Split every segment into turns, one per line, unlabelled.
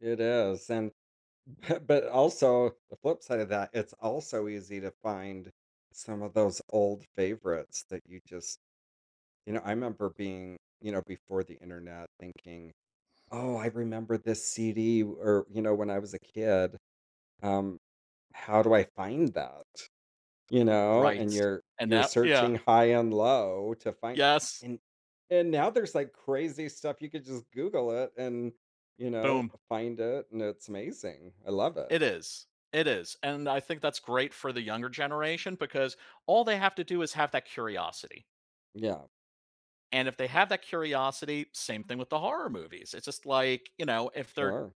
It is, and but also, the flip side of that, it's also easy to find some of those old favorites that you just you know, I remember being you know, before the Internet thinking, "Oh, I remember this CD." Or, you know, when I was a kid, um, "How do I find that?" You know?
Right,
And you're
and
you're
that yeah.
searching high and low to find
Yes.
and and now there's, like, crazy stuff, you could just Google it and, you know,
Boom.
find it, and it's amazing. I love it.
It is It is and I think that's great for the younger generation because all they have to do is have that curiosity
Yeah.
And if they have that curiosity, same thing with the horror movies. It's just like, you know, if they're
Sure.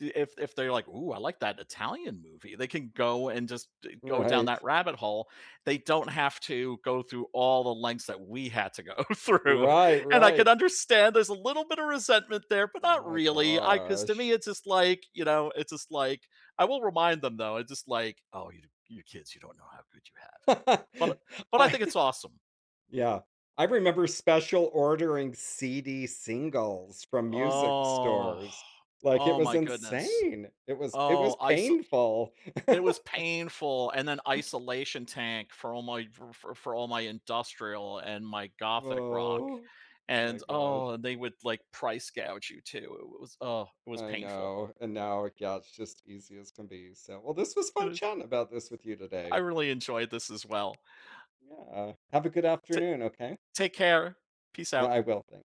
if if they're like, "Ooh, I like that Italian movie." They can go and just d go down
Right.
that rabbit hole. They don't have to go through all the lengths that we had to go through,
Right,
and I
right.
can understand there's a little bit of resentment there, but
Oh
not
my
really. I 'cause to me,
gosh.
it's just like, you know, it's just like I will remind them though. It's just like, "Oh, you you kids, you don't know how good you have it." But but I
I
think it's awesome.
yeah, I remember special ordering CD singles from music
Oh,
stores. Like, it
oh
was
my goodness.
insane. It was it
Oh,
was
I sa
painful.
it was painful, and then isolation tank for all f f for my industrial and my gothic rock,
Oh, my
and, oh,
gosh.
and they would price gouge you too. It was oh, it was
I
painful.
know, and now, yeah, it's just easy as can be. So, well, this was
It
fun
is
chatting about this with you
I
today.
really enjoyed this as well.
Yeah, have a good
T
afternoon, okay?
Take care, peace
Yeah
out.
I will tha